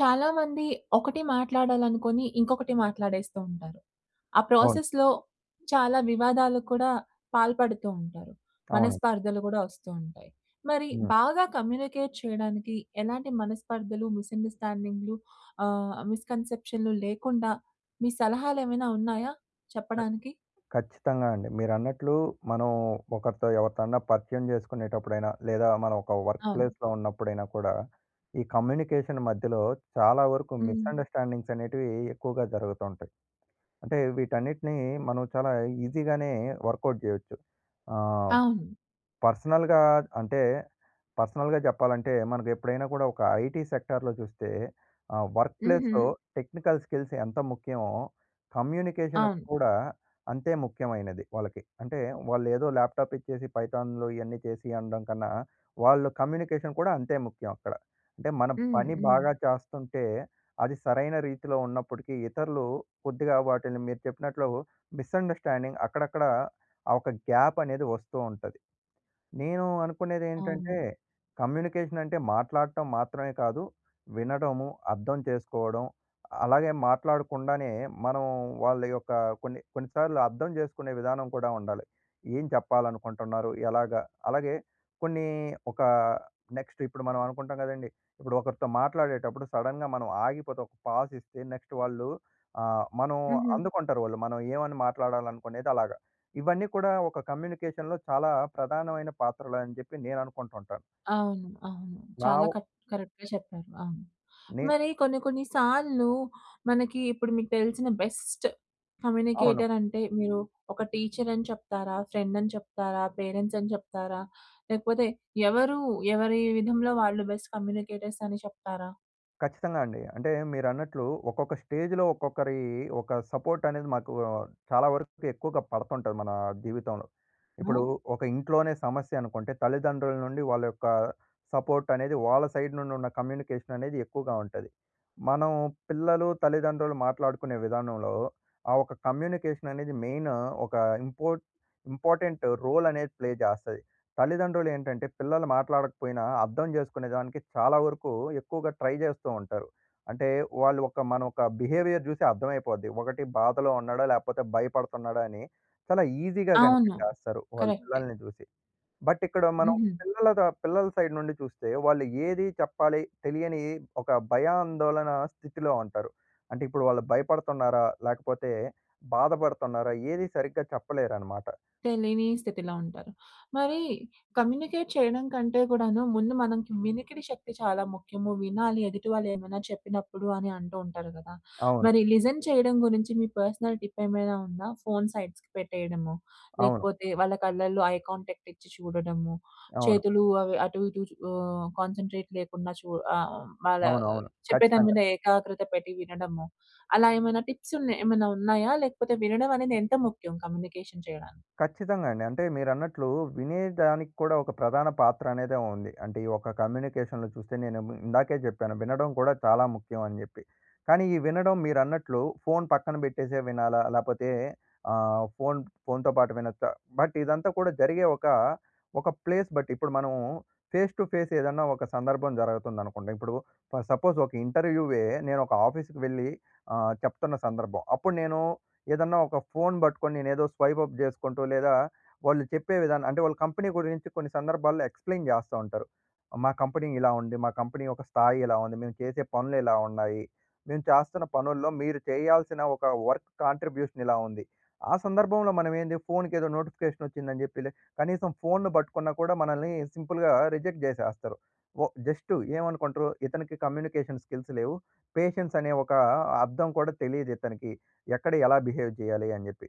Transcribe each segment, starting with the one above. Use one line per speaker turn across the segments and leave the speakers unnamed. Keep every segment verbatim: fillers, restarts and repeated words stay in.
చాలా మంది ఒకటి మాట్లాడాలి అనుకుని ఇంకొకటి మాట్లాడేస్తూంటారు. ఆ
అవును.
ప్రాసెస్‌లో చాలా వివాదాలు కూడా పాల్పడుతూంటారు.
అవునండి.
మనస్పర్ధలు కూడా వస్తూ ఉంటాయి. మరి
హ్మ్.
బాగా కమ్యూనికేట్ చేయడానికి ఎలాంటి మనస్పర్ధలు, మిస్‌అండర్‌స్టాండింగ్‌లు, ఆహ్, మిస్‌కన్సెప్షన్‌లు లేకుండా మీ సలహాలు ఏమైనా ఉన్నాయా చెప్పడానికి?
ఖచ్చితంగా అండి. మీరన్నట్లు మనం ఒకరితో ఎవరితోన్నా పరిచయం చేసుకునేటప్పుడైనా లేదా మనం ఒక వర్క్
అవును.
ప్లేస్‌లో ఉన్నప్పుడైనా కూడా, ఈ కమ్యూనికేషన్ మధ్యలో చాలా వరకు
హ్మ్.
మిస్‌అండర్‌స్టాండింగ్స్ అనేటివి ఎక్కువగా జరుగుతూంటాయి. అంటే వీటన్నిటిని మనం చాలా ఈజీగానే వర్కౌట్ చేయొచ్చు. ఆహ్,
అవును.
పర్సనల్‌గా అంటే, పర్సనల్‌గా చెప్పాలంటే, మనకు ఎప్పుడైనా కూడా ఒక ఐటీ సెక్టార్‌లో చూస్తే ఆహ్, వర్క్ ప్లేస్‌లో
హుహు.
టెక్నికల్ స్కిల్స్ ఎంత ముఖ్యమో కమ్యూనికేషన్
అవును.
కూడా అంతే ముఖ్యమైనది వాళ్ళకి. అంటే వాళ్ళు ఏదో ల్యాప్‌టాప్ ఇచ్చేసి పైథాన్‍లు ఇవన్నీ చేసీ అనడం కన్నా, వాళ్ళ కమ్యూనికేషన్ కూడా అంతే ముఖ్యం అక్కడ. అంటే మన
హ్మ్.
పని
హ్మ్.
బాగా చేస్తుంటే అది సరైన రీతిలో ఉన్నప్పటికీ ఇతరులు కొద్దిగా వాటిని, మీరు చెప్పినట్లు మిస్‌అండర్‌స్టాండింగ్స్ అక్కడక్కడ ఆ ఒక గ్యాప్ అనేది వస్తూ ఉంటది. నేను అనుకునేది ఏంటంటే
అవును.
కమ్యూనికేషన్ అంటే మాట్లాడటం మాత్రమే కాదు వినడము, అర్థం చేసుకోవడం అలాగే మాట్లాడకుండానే మనం వాళ్ళ యొక్క కొన్ని, కొన్ని సార్లు అర్థం చేసుకునే విధానం కూడా ఉండాలి. ఏం చెప్పాలనుకుంటున్నారు? ఎలాగా? అలాగే కొన్ని ఒక నెక్స్ట్ ఇప్పుడు మనం అనుకుంటాం కదండీ ఇప్పుడు ఒకరితో మాట్లాడేటప్పుడు సడెన్‌గా మనం ఆగిపోతే ఒక పాజ్ ఇస్తే నెక్స్ట్ వాళ్ళు ఆహ్, మనం
హుహు.
అందుకుంటారు వాళ్ళు. మనం ఏమని మాట్లాడాలనుకునేది అలాగ ఇవన్నీ కూడా ఒక కమ్యూనికేషన్‌లో చాలా ప్రధానమైన పాత్రలని చెప్పి నేను అనుకుంటుంటాను.
ఆ! అవును. అవును
నా
చాలా
ఓ
కట్ కరెక్ట్‌గా చెప్పారు. అవును.
నే
మరి, కొన్ని, కొన్ని సార్లు మనకి ఇప్పుడు మీకు తెలిసిన బెస్ట్
అవును.
కమ్యూనికేటర్ అంటే మీరు ఒక టీచర్ అని చెప్తారా? ఫ్రెండ్ అని చెప్తారా? పేరెంట్స్ అని చెప్తారా? లేకపోతే ఎవరు ఎవరి విధంలో వాళ్ళు బెస్ట్ కమ్యూనికేటర్స్ అని చెప్తారా?
ఖచ్చితంగా అండి. అంటే మీరన్నట్లు ఒక్కొక్క స్టేజ్‌లో, ఒక్కొక్కరి ఒక సపోర్ట్ అనేది మాకు చాలా వరకు ఎక్కువగా పడుతుంటది మన జీవితంలో. ఇప్పుడు
హ్మ్.
ఒక ఇంట్లోనే సమస్య అనుకుంటే, తల్లిదండ్రుల నుండి వాళ్ళ యొక్క సపోర్ట్ అనేది వాళ్ళ సైడ్ నుండి ఉన్న కమ్యూనికేషన్ అనేది ఎక్కువగా ఉంటది. మనం పిల్లలు, తల్లిదండ్రులు మాట్లాడుకునే విధానంలో ఆ ఒక కమ్యూనికేషన్ అనేది మెయిన్ ఒక ఇంపోర్ట్ ఇంపార్టెంట్ రోల్ అనేది ప్లే చేస్తది. తల్లిదండ్రులు ఏంటంటే పిల్లలు మాట్లాడకపోయినా అర్థం జేసుకునేదానికి చాలా వరకు ఎక్కువగా ట్రై చేస్తూ ఉంటారు. అంటే వాళ్ళు ఒక మన ఒక బిహేవియర్ చూసి అర్థమయిపోద్ది. ఒకటి బాధలో ఉన్నాడా లేకపోతే భయపడుతున్నాడా అని, చాలా ఈజీగా
అవును.
కనిపెట్టేస్తారు, వాళ్ళు
కరెక్టే.
పిల్లల్ని చూసి. బట్ ఇక్కడ మనం
హుహు.
పిల్లలదా పిల్లల సైడ్ నుండి చూస్తే, వాళ్ళు ఏది చెప్పాలి తెలియని ఒక భయాందోళన స్థితిలో ఉంటారు. అంటే ఇప్పుడు వాళ్ళు భయపడుతున్నారా లేకపోతే, బాధపడుతున్నారా ఏది సరిగ్గా చెప్పలేరన్నమాట.
తెలీని స్థితిలో ఉంటారు. మరి కమ్యూనికేట్ చేయడం కంటే కూడాను ముందు మనకి వినికిడి శక్తి చాలా ముఖ్యము. "వినాలి ఎదుటి వాళ్ళు ఏమైనా చెప్పినప్పుడు" అని అంటూ ఉంటారు కదా!
అవును.
మరి లిజన్ చేయడం గురించి, మీ పర్సనల్ టిప్ ఏమైనా ఉందా? ఫోన్ సైడ్స్‌కి పెట్టేయడము.
అవును.
లేకపోతే వాళ్ళ కళ్ళల్లో ఐ కాంటాక్ట్ ఇచ్చి చూడడము.
అవును.
చేతులు అవి అటు ఇటు చు ఆహ్, కాన్సంట్రేట్ లేకుండా చూడ ఆహ్, వాళ్ళ
అవును, అవును.
చెప్పేదాని
ఖచ్చితంగా.
మీద ఏకాగ్రత పెట్టి వినడము. అలా ఏమైనా టిప్స్ ఉన్న ఏమన్నా ఉన్నాయా? లేకపోతే వినడం అనేది ఎంత ముఖ్యం, కమ్యూనికేషన్ చేయడానికి?
ఖచ్చితంగా అండి. అంటే మీరన్నట్లు వినేదానికి కూడా ఒక ప్రధాన పాత్ర అనేదే ఉంది. అంటే ఈ ఒక కమ్యూనికేషన్‌లో చూస్తే నేనేమో, ఇందాకే జెప్పాను వినడం కూడా చాలా ముఖ్యం అని జెప్పి. కానీ ఈ వినడం మీరు అన్నట్లు ఫోన్ పక్కన పెట్టేసే వినాలా లేపోతే ఆహ్, ఫోన్ ఫోన్‍తో పాటు వినొచ్చా బట్ ఇదంతా కూడా జరిగే ఒక, ఒక ప్లేస్ బట్టి ఇప్పుడు మనం ఫేస్ టు ఫేస్ ఏదన్నా ఒక సందర్భం జరగతంది అనుకోండి. ఇప్పుడు ఫర్ సపోజ్ ఒక ఇంటర్‌వ్యూయే, నేనొక ఆఫీస్‌కి వెళ్లి ఆహ్, చెప్తున్న సందర్భం. అప్పుడు నేను ఏదన్నా ఒక ఫోన్ పట్టుకొని నేను ఏదో స్వైప్ అప్ చేసుకుంటూ లేదా, వాళ్ళు చెప్పే విధానం అంటే వాళ్ళ కంపెనీ గురించి కొన్ని సందర్భాల్లో ఎక్స్‌ప్లేన్ జేస్తా ఉంటారు. "మా కంపెనీ ఇలా ఉంది. మా కంపెనీ యొక్క స్థాయి ఇలా ఉంది. మేము చేసే పనులు ఇలా ఉన్నాయి. మేము చేస్తున్న పనుల్లో మీరు చేయాల్సిన ఒక వర్క్ కాంట్రిబ్యూషన్ ఇలా ఉంది." ఆ సందర్భంలో మనం ఏంది ఫోన్‌కి ఏదో నోటిఫికేషన్ వచ్చిందని చెప్పిలె కనీసం ఫోన్‌ని పట్టుకున్నా కూడా మనల్ని సింపుల్‌గా రిజెక్ట్ జేసేస్తారు. ఒ జస్టు ఏమనుకుంటరు ఇతనికి కమ్యూనికేషన్ స్కిల్స్ లేవు. పేషెన్స్ అనే ఒక అర్థం కూడా తెలీదు ఇతనికి. ఎక్కడ ఎలా బిహేవ్ జేయాలి అని జెప్పి.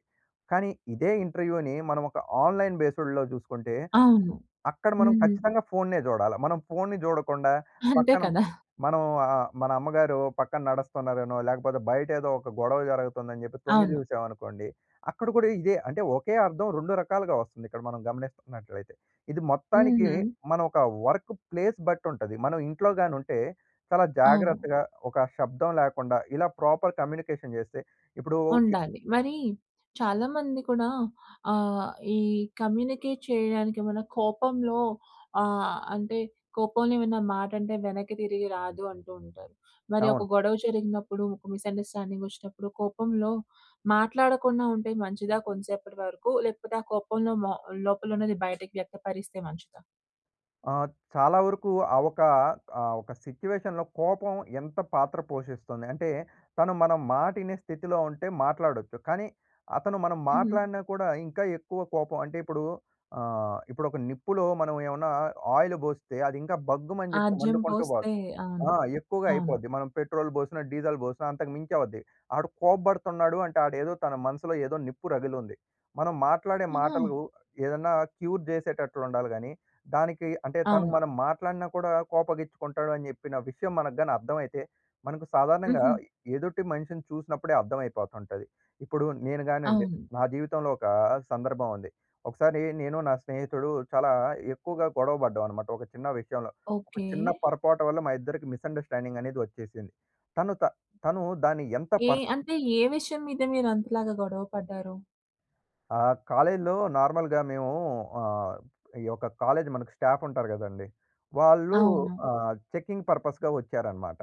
కానీ ఇదే ఇంటర్‌వ్యూని మనం ఒక ఆన్‌లైన్ బేస్డ్‌లో జూసుకుంటే,
అవును.
అక్కడ మనం
హుహు.
ఖచ్చితంగా ఫోన్‌నే జూడాల. మనం ఫోన్‌ని జూడకుండా
అంతే
పక్కన
కదా!
మనం ఆహ్, మన అమ్మగారు పక్కన నడుస్తున్నారనో లేకపోతే, బయట ఏదో ఒక గొడవ జరుగుతుందని చెప్పి తొంగి
అవును.
చూసామనుకోండి. అక్కడ కూడా ఇదే అంటే ఒకే అర్థం రెండు రకాలుగా వస్తుంది ఇక్కడ మనం గమనిస్తున్నట్లయితే. ఇది మొత్తానికి
హుహు.
మనం ఒక వర్క్ ప్లేస్ బట్టి ఉంటది. మనం ఇంట్లోగాని ఉంటే చాలా
అవును.
జాగ్రత్తగా ఒక షబ్దం లేకుండా ఇలా ప్రాపర్ కమ్యూనికేషన్ జేస్తే ఇప్పుడు ఇ
ఉండాలి. మరి చాలామంది కూడా ఆహ్, ఈ కమ్యూనికేట్ చేయడానికి ఏమైనా కోపంలో ఆహ్, అంటే, "కోపంలో ఏమన్నా మాట అంటే వెనక్కి తిరిగి రాదు" అంటూ ఉంటారు. మరి ఒక
అవును.
గొడవ జరిగినప్పుడు, ఒక మిస్‌అండర్‌స్టాండింగ్ వచ్చినప్పుడు, కోపంలో మాట్లాడకుండా ఉంటే మంచిదా కొంసేపటి వరకు, లేకపోతే ఆ కోపంలో మొ లోపల ఉన్నది బయటకి వ్యక్తపరిస్తే మంచిదా?
ఆ! చాలా వరకు ఆ ఒక, ఆహ్, ఒక సిట్యుయేషన్‌లో కోపం ఎంత పాత్ర పోషిస్తుంది. అంటే తను మన మాటినే స్థితిలో ఉంటే మాట్లాడొచ్చు. కానీ, అతను మనం
హ్మ్.
మాట్లాడిన కూడా ఇంకా ఎక్కువ కోపం. అంటే ఇప్పుడు ఆహ్, ఇప్పుడొక నిప్పులో మనం ఏవన్నా ఆయిలు బోస్తే అది ఇంకా బగ్గుమని జెప్పి
ఆజ్యం
మండుకుంటూ బోద్ధి.
పోస్తే
ఆ!
అవును.
ఎక్కువగా
అవును.
అయిపోద్ది. మనం పెట్రోల్ బోసినా, డీజిల్ బోసినా అంతకు మించి అవుద్ది. ఆడు కోబ్బడుతున్నాడు అంటే ఆడేదో, తన మనసులో ఏదో నిప్పు రగిలుంది. మనం మాట్లాడే
ఆహా!
మాటలు ఏదన్నా క్యూర్ జేసేటట్లుండాలి గాని, దానికి అంటే తను
అవును.
మనం మాట్లాడినా కూడా కోపగిచ్చుకుంటాడు అని జెప్పిన విషయం మనకు గాని అర్థమైతే, మనకు సాధారణంగా
హుహు.
ఎదుటి మనిషిని చూసినప్పుడే అర్థమైపోతుంటది. ఇప్పుడు నేను గానండి,
అవును.
నా జీవితంలో ఒకా సందర్భమండి. ఒకసారి నేను, నా స్నేహితుడూ చాలా ఎక్కువగా గొడవ పడ్డావనమాట ఒక చిన్న విషయంలో. ఒక
ఓకే.
చిన్న పొరపాటు వల్ల మా ఇద్దరికి మిస్అండర్‌స్టాండింగనేది వచ్చేసింది. తను త తను దాన్ని ఎంత
ఏ
పర్స్
అంటే ఏ విషయం మీద మీరంతలాగా గొడవ పడ్డారు?
ఆహ్, కాలేజీలో నార్మల్‌గా మేమూ ఆహ్, ఈ యొక్క కాలేజ్ మనకు స్టాఫ్ ఉంటారు గదండీ, వాళ్ళు
అవును.
ఆహ్! చెకింగ్ పర్పస్‌గా వచ్చారనమాట.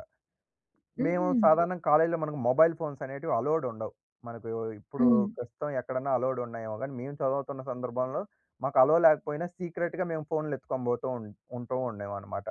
మేము
హుహు.
సాధారణంగా కాలేజీలో మనకు మొబైల్ ఫోన్స్ అనేటివి అలొవ్‌డుండవు. మనకు ఇప్పుడూ
హ్మ్.
ప్రస్తుతం ఎక్కడైనా అలొవ్‌డున్నాయేమో గానీ, మేము చదువుతున్న సందర్భంలో, మాకు అలొవ్ లేకపోయినా సీక్రెట్‌గా మేము ఫోన్‌లెత్తుకొని బోతూ ఉన్ ఉంటూ ఉండేవనమాట.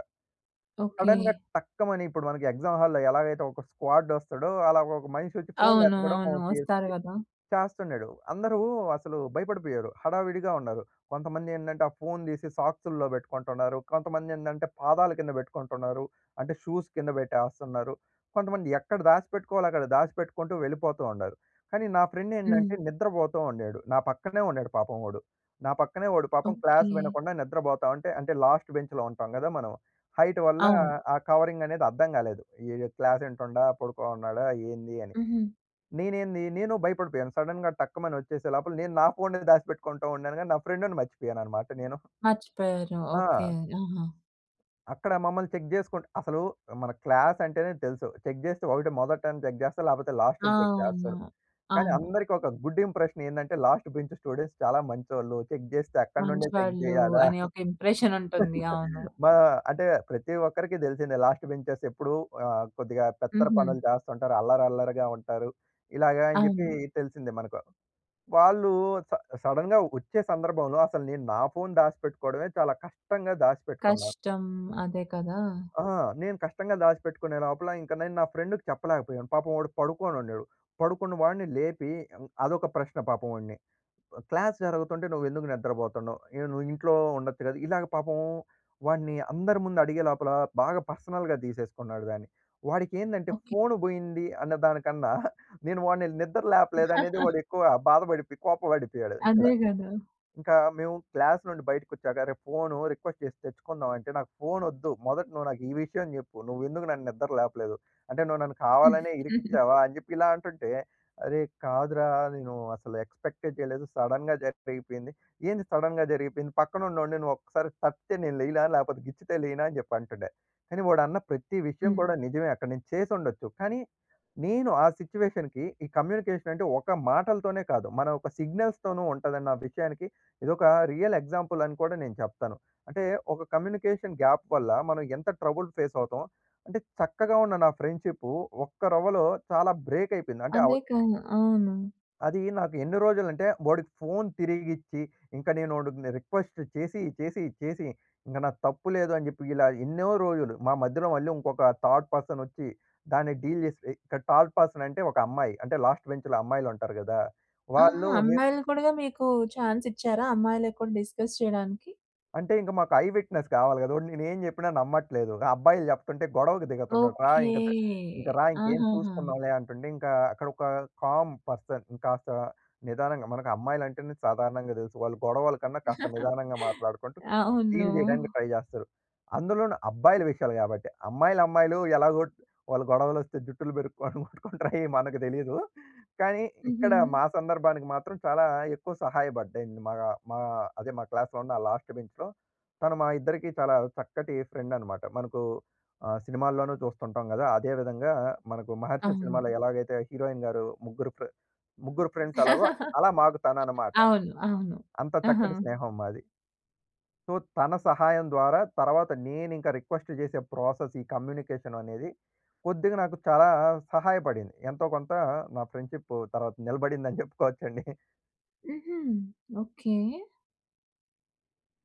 ఓకే.
సడెన్‌గా టక్కమని ఇప్పుడు మనకి ఎగ్జామ్ హాల్‌లో ఎలాగైతే ఒక స్క్వాడ్ వస్తాడో, అలాగ ఒక మనిషొచ్చి
అవును.
ఫోన్‌లెతకడం
అవును. వస్తారు
జేస్సీ
కదా!
చేస్తున్నడు. అందరూ అసలు భయపడిపోయారు హడావిడిగా ఉన్నారు. కొంతమందేంటంటే, ఆ ఫోన్ దీసి సాక్స్‌‌ల్లో బెట్టుకుంటున్నారు. కొంతమందేందంటే పాదాల కింద బెట్టుకుంటున్నారు అంటే షూస్ కింద బెట్టేస్తున్నరు. కొంతమంది ఎక్కడ దాసి పెట్టుకోవాలో అక్కడ దాసి పెట్టుకుంటూ వెళ్ళిపోతూ ఉండారు. కానీ, నా ఫ్రెండ్
హ్మ్.
ఏందంటే నిద్రబోతూ ఉండేడు. నా పక్కనే ఉండాడు పాపం వాడు. నా పక్కనే వాడు పాపం క్లాస్
ఓకే.
వినకుండా నిద్రబోతా ఉంటే, అంటే లాస్ట్ బెంచ్‌లో ఉంటాం గదా! మనం. హైట్ వల్లా,
అవును.
ఆ కవరింగనేది అర్థం కాలేదు. ఈయ్ క్లాసింటుండా? పడుకోనున్నాడా? ఏందీ అని.
హుహు.
నేనేంది, నేనూ భయపడిపోయాను సడెన్‌గా టక్కుమని వచ్చేసే లోపల నేను నా ఫోన్‌నే దాసిపెట్టుకుంటూ ఉండాను గానీ, నా ఫ్రెండ్‌ని మర్చిపోయాననమాట నేను.
మర్చిపోయారు.
ఆ!
ఓకే. ఆహా!
అక్కడ మమ్మల్ని చెక్ జేసుకుంట అసలు మన క్లాసంటేనే తెలుసు, చెక్ జేస్తే ఒకటి మొదటన్నా చెక్ జేస్తారు, లేపోతే లాస్టన్న చెక్
అవునా!
జేస్తరు. కానీ
అవును.
అందరికొక గుడ్ ఇంప్రెషనేందంటే, లాస్ట్ బెంచ్ స్టూడెంట్స్ చాలా మంచోళ్ళు, చెక్ జేస్తే అక్కడి నుండే చెక్
మంచివాళ్ళు,
జేయాలా.
అనే ఒక ఇంప్రెషనుంటుంది. అవును.
మా అంటే, ప్రతి ఒక్కరికి దెలిసిందే, లాస్ట్ బెంచెస్ ఎప్పుడు ఆహ్, కొద్దిగా పెత్తర పనులు
హుహు.
జేస్తుంటరు, అల్లరి అల్లరిగా ఉంటారు, ఇలాగా అని చెప్పి
అవును.
తెలిసిందే మనకు. వాళ్ళు స సడెన్‌గా వచ్చే సందర్భంలో, అసలు నేను నా ఫోన్ దాసిపెట్టుకోవడమే చాలా కష్టంగా దాసిపెట్టుకున్నా
కష్టం. అదే కదా!
ఆహా! నేను కష్టంగా దాసిపెట్టుకునే లోపల, ఇంక నేను నా ఫ్రెండ్‌కి చెప్పలేకపోయాం, పాపం వాడు పడుకునుండెడు. పడుకున్న‌వాడిని లేపి యవ్ అదొక ప్రశ్న పాపం వాడిని, ఆహ్, "క్లాస్ జరుగుతుంటే, నువ్వేందుకు నిద్రపోతుండవు? అయిన నువ్వింట్లో ఉండొచ్చు గదా!" ఇలాగ పాపం వాడ్ని అందరి ముందు అడిగేలోపల, బాగా పర్సనల్‌గా తీసేసుకున్నాడు దాన్ని. వాడికేందంటే
ఓకే.
ఫోను బోయింది అన్న దానికన్నా, నేను వాడిని నిద్దర లేపలేదనేది వాడెక్కువ బాధపడిపోయి, కోపబడిపోయాడు ఇక్కడ.
అదే గదా!
ఇంకా మేము క్లాస్ నుండి బైటకొచ్చాక, "అరే! ఫోను రిక్వెస్ట్ జేసి తెచ్చుకుందాం." అంటే, "నాకు ఫోనొద్దు, మొదట నువ్వు నాకీ విషయం జెప్పు, నువ్వేందుకు నన్ను నిద్దర లేపలేదు? అంటే, నువ్వు నన్ను కావాలనే ఇరికిచ్చావా?" అని చెప్పి ఇలా అంటుంటే, "అరే! కాదురా నేను అసలు ఎక్స్పెక్టే జేయలేదు, సడెన్‌గా జర్పెయిపోయింది." "ఏంది సడెన్‌గా జరిగిపోయింది? పక్కనున్నోడిని నువ్వొక్కసారి తట్టితే నేను లేయల? లేపోతే గిచ్చితే లేయనా?" అని జెప్పంటుండే. కానీ వాడన్న ప్రతి విషయం
హ్మ్.
కూడా నిజమే, అక్కడ నేను చేసుండొచ్చు, కానీ, నేను ఆ సిట్యుయేషన్‌కి ఈ కమ్యూనికేషనంటే ఒక మాటలతోనే కాదు, మన ఒక సిగ్నల్స్‌తోను ఉంటాదన్న విషయానికి ఇదొక రియల్ ఎగ్జాంపులని కూడా నేను చెప్తను. అంటే ఒక కమ్యూనికేషన్ గ్యాప్ వల్ల, మనం ఎంత ట్రబుల్ ఫేసవుతాం, అంటే చక్కగా ఉన్న నా ఫ్రెండ్‌షిప్పు, ఒక్క రవ్వలో చాలా బ్రేకయిపోయింది. అంటే అవ
అదే కదా! అవును.
అదీ నాకు ఎన్ని రోజులంటే, ఓడికి ఫోన్ తిరిగిచ్చి, ఇంక నేనొడిని రిక్వెస్ట్ చేసి, చేసి, చేసి, ఇంగ నా తప్పు లేదు అని జెప్పి ఇలా ఎన్నో రోజులు, మా మధ్యలో మళ్ళీ ఇంకొక థర్డ్ పర్సనొచ్చి, దాన్ని డీల్ జేసి ఇక్కడ థర్డ్ పర్సనంటే, ఒక అమ్మాయి. అంటే లాస్ట్ బెంచ్‌లో అమ్మాయిలుంటారు గదా!
ఆహా!
వాళ్ళు మేం
అమ్మాయిలనికుడిగ మీకూ చాన్సిచ్చారా? అమ్మాయిలకి కూడ డిస్కస్ చేయడానికి?
అంటే ఇంక మాకు ఐ విట్నెస్ కావాలి గదా! ఓడు నేను ఏం జెప్పినా నమ్మట్లేదు. అబ్బాయిలు జెప్తుంటే గొడవకు దిగుతున్నడు. రా
ఓకే!
ఇంకా ద ఇంకా రా ఇంకేం
ఆహాహా!
చూసుకుందాంలే అంటుంటే, ఇంకా అక్కడ ఒక కామ్ పర్సన్ కాస్త నిదానంగా మనకు అమ్మాయిలంటేనే సాధారణంగా దెలుసు. వాళ్ళు గొడవల కన్నా కాస్త నిదానంగా మాట్లాడుకుంటూ
అవును.
డీల్ చేయడానికి ట్రై జేస్తరు. అందులోను అబ్బాయిల విషయాలు గాబట్టి. అమ్మాయిలు, అమ్మాయిలు ఎలాగో వాలు గొడవలొస్తే జుట్టులు పెరుక్కోడం కొట్టు‌కుంటరు అయి మనకు దెలీదు. కానీ ఇక్కడ
హుహు.
మా సందర్భానికి మాత్రం చాలా ఎక్కువ సహాయపడ్డింది మా మా అదే మా క్లాస్‌లో ఉన్న లాస్ట్ బెంచ్‌లో. తను మా ఇద్దరికి చాలా చక్కటి ఫ్రెండనమాట మనకు ఆహ్, సినిమాల్లోనూ చూస్తుంటాం గదా! అదే విధంగా మనకు 'మహర్షి' సినిమాలో
అవును.
ఎలాగైతే హీరోయిన్ గారు ముగ్గురు ఫ్రే ముగ్గురు ఫ్రెండ్స్ ఎలాగో అలా మాకు తనన్నమాట.
అవును. అవును.
అంత
ఆహా!
చక్కటి స్నేహం మాది. సో, తన సహాయం ద్వారా తర్వాత నేనింకా రిక్వెస్ట్ జేసే ప్రాసెస్ ఈ కమ్యూనికేషన్ అనేది, కొద్దిగా నాకు చాలా సహాయపడింది. ఎంతో కొంత నా ఫ్రెండ్షిప్పూ తర్వాత నిలబడిందని జెప్పుకోవచ్చండి.
హుహు. ఓకే.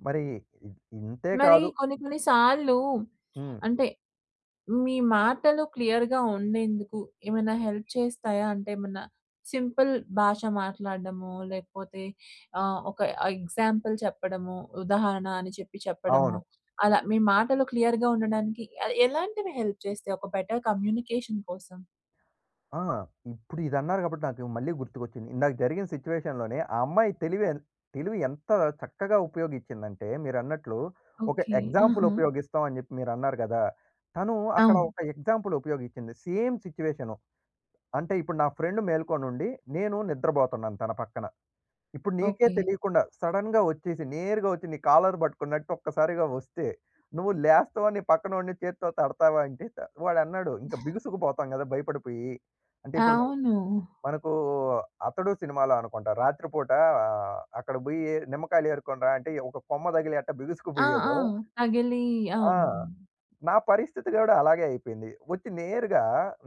మరి ఇ ఇంతే
మరి
కాదు
కొన్ని కొన్ని సార్లు
హ్మ్.
అంటే మీ మాటలు క్లియర్‌గా ఉండేందుకు ఏమైనా హెల్ప్ చేస్తాయా? అంటే ఏమన్నా సింపుల్ భాష మాట్లాడ్డమో లేకపోతే, ఆహ్, ఒక ఎగ్జాంపుల్ చెప్పడమో, ఉదాహరణ అని చెప్పి, చెప్పడమో
అవును.
అలా మీ మాటలు క్లియర్‌గా ఉండడానికి ఎలాంటివి హెల్ప్ చేస్తాయి ఒక బెటర్ కమ్యూనికేషన్ కోసం?
ఆ! ఇప్పుడు ఇది అన్నారు గాబట్టి నాకు మళ్ళీ గుర్తుకొచ్చింది. ఇందాక జరిగిన సిట్యుయేషన్‌లోనే ఆ అమ్మాయి తెలివి అది తెలివి ఎంత చక్కగా ఉపయోగిచ్చిందంటే, మీరన్నట్లు ఒక
ఓకె.
ఎగ్జాంపుల్
ఆహా!
ఉపయోగిస్తాం అని జెప్పి మీరు అన్నారు గదా! తను అక్కడ
అవును.
ఒక ఎగ్జాంపుల్ ఉపయోగిచ్చింది సేమ్ సిట్యుయేషను. అంటే ఇప్పుడు నా ఫ్రెండ్ మేల్కొనుండి నేను నిద్రబోతున్నాను తన పక్కన. ఇప్పుడు నీకే
ఓకె.
తెలీకుండా సడెన్‌గా వచ్చేసి, నేరుగా వచ్చి నీ కాలర్ పట్టుకున్నట్టు ఒక్కసారిగా వస్తే, నువ్వు లేస్తావా? నీ పక్కనోడిని చేత్తో తడతావా? అంటే, త వాడన్నాడు. ఇంక బిగుసుకు పోతాం గదా! భయపడిపోయి. అంటే ఇప్పుడు మనం
అవును.
మనకూ 'అతడు' సినిమాలో అనుకుంటా, రాత్రి పూట అక్కడ బోయి నిమ్మకాయలు ఏరుకొనిరా అంటే ఒక కొమ్మ తగిలి ఎట్టా
ఆ! ఆ!
బిగుసుకుబోయాడో.
తగిలి
ఆ!
అవును.
నా పరిస్థితి గూడా అలాగే అయిపోయింది. వచ్చి నేరుగా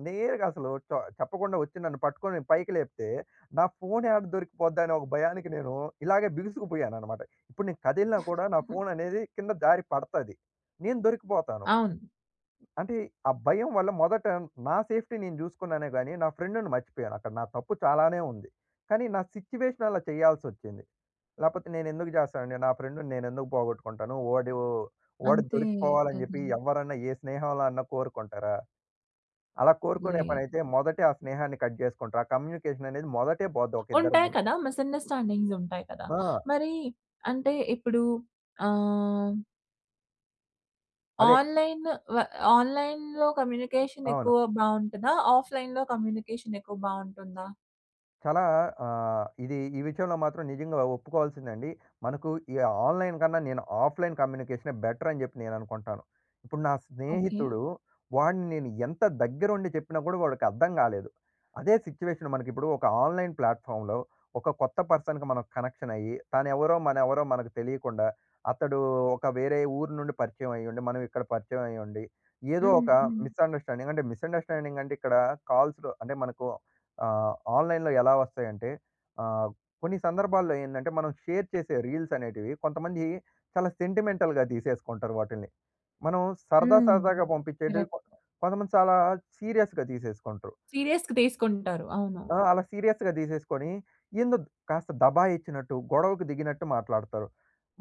నేరుగా అసలు చొ చెప్పకుండా వచ్చి నన్ను పట్టుకొని పైకి లేపితే, నా ఫోన్ యాడ దొరికిపోద్దా అనే ఒక భయానికి నేను ఇలాగే బిగుసుకుపోయానన్నమాట. ఇప్పుడు నేను కదిలినా కూడా, నా ఫోన్ అనేది కింద జారి పడతాది, నేను దొరికిపోతాను.
అవును.
అంటే, ఆ భయం వల్ల మొదట నా సేఫ్టీ నేను జూసుకున్నానే గానీ నా ఫ్రెండ్‌ని మర్చిపోయాను. అక్కడ నా తప్పు చాలానే ఉంది. కానీ నా సిట్యుయేషన్ అలా చేయాల్సొచ్చింది. లేకపోతే నేను ఎందుకు జేస్తానండి నా ఫ్రెండ్‌ని నేను ఎందుకు పోగొట్టుకుంటాను. వోడు వాడు
అంతే కదా!
దొరికిపోవాలని చెప్పి ఎవ్వరన్నా ఏ స్నేహంలో అన్నా కోరుకుంటారా? అలా కోరుకునే
లేదు.
పనయితే మొదటే ఆ స్నేహాన్ని కట్ జేసుకుంటారు. ఆ కమ్యూనికేషన్ అనేది మొదటే పోద్ది, ఒకిద్దరి
ఉంటాయి
మధ్య.
కదా! మిస్అండర్స్టాండింగ్స్ ఉంటాయి కదా!
ఆ!
మరీ అంటే ఇప్పుడు ఆహ్.
అదే
ఆన్‌లైన్ వ ఆన్‌లైన్‌లో కమ్యూనికేషన్
అవును.
ఎక్కువగా బాగుంటుందా? ఆఫ్‌లైన్‌లో కమ్యూనికేషన్ ఎక్కువ బాగుంటుందా?
చాలా ఆహ్! ఇది ఈ విషయంలో మాత్రం నిజంగా అలా ఒప్పుకోవాల్సిందే అండి. మనకు ఈ ఆన్‌లైన్‌ కన్నా నేను ఆఫ్‌లైన్ కమ్యూనికేషనే బెటర్ అని చెప్పి నేను అనుకుంటాను. ఇప్పుడు నా
ఓకే.
స్నేహితుడు వాడిని నేను ఎంత దగ్గర ఉండి చెప్పినా కూడా వాడికి అర్థం కాలేదు. అదే సిట్యుయేషన్ మనకి ఇప్పుడు ఒక ఆన్‌లైన్ ప్లాట్‌ఫార్మ్‌లో ఒక కొత్త పర్సన్‌కి మనం కనెక్షన్ అయ్యి తాను ఎవరో, మన ఎవరో, మనకు తెలియకుండా, అతడూ ఒక వేరే ఊరు నుండి పరిచయమయ్యుండి మనం ఇక్కడ పరిచయమయ్యుండి ఏదో
హ్మ్,
ఒక
హ్మ్.
మిస్‌అండర్‌స్టాండింగ్ అంటే మిస్‌అండర్‌స్టాండింగ్ అంటే ఇక్కడ కాల్స్‌లో అంటే మనకు ఆహ్! ఆన్‌లైన్‌లో ఎలా వస్తాయంటే ఆహ్! కొన్ని సందర్భాల్లో ఏందంటే మనం షేర్ చేసే రీల్స్ అనేటివి కొంతమంది చాలా సెంటిమెంటల్‌గా తీసేసుకుంటారు వాటిని. మనం సరదా
హ్మ్.
సరదాగా పంపించేటివి
కరెక్ట్.
కొ కొంతమంది చాలా సీరియస్‌గా తీసేసుకుంట్రు.
సీరియస్‌గా తీసుకుంటారు. అవును.
ఆ! అలా సీరియస్‌గా తీసేసుకొని, ఎందో కాస్త దబాయించినట్టు, గొడవకు దిగినట్టు మాట్లాడతారు.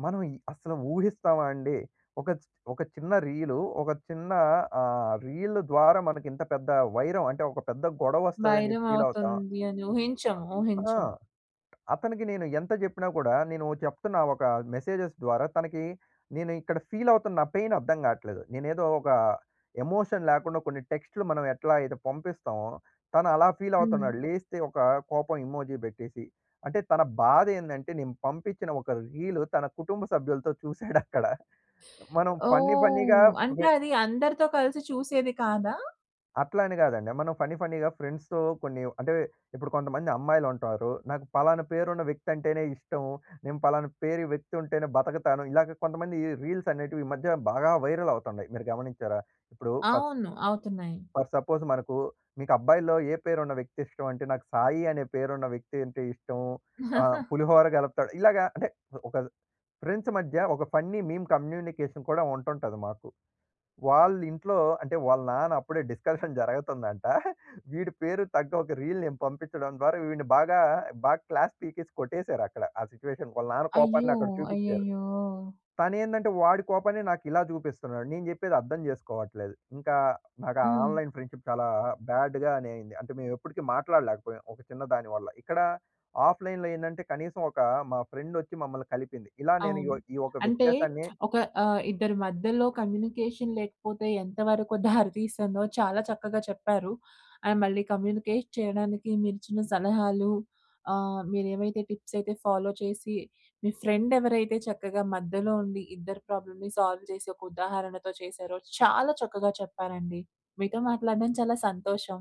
మనం ఈ అసలు ఊహిస్తామా అండి? ఒక చి ఒక చిన్న రీల్ ఒక చిన్నా ఆహ్! రీల్ ద్వారా మనకు ఇంత పెద్ద వైరం అంటే ఒక పెద్ద గొడవ వస్తదని
వైరం
చెప్పి ఫీల్ అవుతాం.
అవుతుందని ఊహించము
ఆ!
ఊహించము.
అతనికి నేను ఎంత చెప్పినా కూడా, నేను చెప్తున్న ఒక మెసేజెస్ ద్వారా తనకి నేనిక్కడ ఫీల్ అవుతున్న పెయిన్ అర్థంకట్లేదు. నేనేదో ఒక ఎమోషన్ లేకుండా కొన్నిటెక్స్ట్‌లు మనం ఎట్లా అయితే పంపిస్తామో! తను అలా ఫీల్
హ్మ్.
అవుతున్నాడు. లేస్తే ఒక కోపం ఎమోజి పెట్టేసి! అంటే తన బాధ ఏందంటే, నేను పంపించిన ఒక రీలు తన కుటుంబ సభ్యులతో చూసాడక్కడ! మనం ఫన్నీ ఫన్నీగా
ఓహ్! అంటే అది అందరితో కలిసి చూసేది కాదా?
అట్లని గాదండి. మనం ఫన్నీ ఫన్నీగా ఫ్రెండ్స్‌తో కొన్ని అంటే, ఇప్పుడు కొంతమంది అమ్మాయిలు ఉంటారు. "నాకు ఫలానా పేరున్న వ్యక్తి అంటేనే ఇష్టం. నేను పలానా పేరు వ్యక్తి ఉంటేనే బతకతాను." ఇలా కొంతమంది రీల్స్ అనేటివి, ఈ మధ్య బాగా వైరల్ అవుతున్నాయి. మీరు గమనించారా? ఇప్పుడు ఫర్ స్...
అవును. అవుతున్నాయి.
ఫర్ సపోజ్ మనకు, మీకు అబ్బాయిలో ఏ పేరు ఉన్న వ్యక్తి ఇష్టం అంటే, నాకు సాయి అనే పేరున్న వ్యక్తి అంటే ఇష్టం. ఆహ్, పులిహోర కలుపుతాడు. ఇలాగా అంటే ఒక ఫ్రెండ్స్ మధ్య, ఒక ఫన్నీ మీమ్ కమ్యూనికేషన్ కూడా ఉంటుంటది మాకు. వాళ్ళ ఇంట్లో, అంటే వాళ్ళ నాన్న అప్పుడే డిస్కషన్ జరుగుతుందంట. వీడి పేరు తగ్గ ఒక రీల్ నేను పంపించడం ద్వారా వీడిని బాగా, బాగా క్లాస్ పీకేసి కొట్టేసారు అక్కడ. ఆ సిట్యుయేషన్, వాళ్ళ నాన్న
అయ్యో!
కోపాన్ని అక్కడ చూపించారు.
అయ్యయ్యో!
తను ఏందంటే, వాడి కోపాన్ని నాకు ఇలా చూపిస్తున్నాడు. నేను జెప్పేది అర్థం చేసుకోవట్లేదు. ఇంకా నాకు
హ్మ్.
ఆన్లైన్ ఫ్రెండ్షిప్ చాలా బాడ్‌ గానే అయింది. అంటే మేము ఎప్పటికీ మాట్లాడలేకపోయాం. ఒక చిన్న దాని వల్ల. ఇక్కడ ఆఫ్లైన్‌లో ఏందంటే, కనీసం ఒకా మా ఫ్రెండ్ వచ్చి మమ్మల్ని కలిపింది. ఇలా నేను
అవును.
యో ఈ ఒక
అంటే
వ్యత్యాసాన్ని
ఒక ఆహ్, ఇద్దరి మధ్యలో కమ్యూనికేషన్ లేకపోతే ఎంతవరకు దారితీస్తుందో చాలా చక్కగా చెప్పారు. అండ్ మళ్ళీ కమ్యూనికేట్ చేయడానికి, మీరు ఇచ్చిన సలహాలు ఆహ్, మీరు ఏమైతే టిప్స్ అయితే ఫాలో చేసి, మీ ఫ్రెండ్ ఎవరైతే చక్కగా మధ్యలో ఉండి, ఇద్దరి ప్రాబ్లమ్‌ని సాల్వ్ చేసి, ఒక ఉదాహరణతో చేసారో, చాలా చక్కగా చెప్పారండి. మీతో మాట్లాడడం చాలా సంతోషం.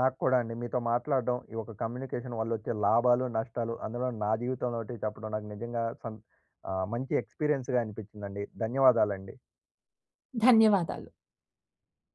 నాకు కూడా అండి. మీతో మాట్లాడడం, ఈ యొక్క కమ్యూనికేషన్ వల్ల వచ్చే లాభాలు, నష్టాలు. అందులో నా జీవితంలో ఒకటి చెప్పడం. నాకు నిజంగా సం ఆహ్, మంచి ఎక్స్పీరియన్స్‌గా అనిపించిందండి. ధన్యవాదాలండి.
ధన్యవాదాలు.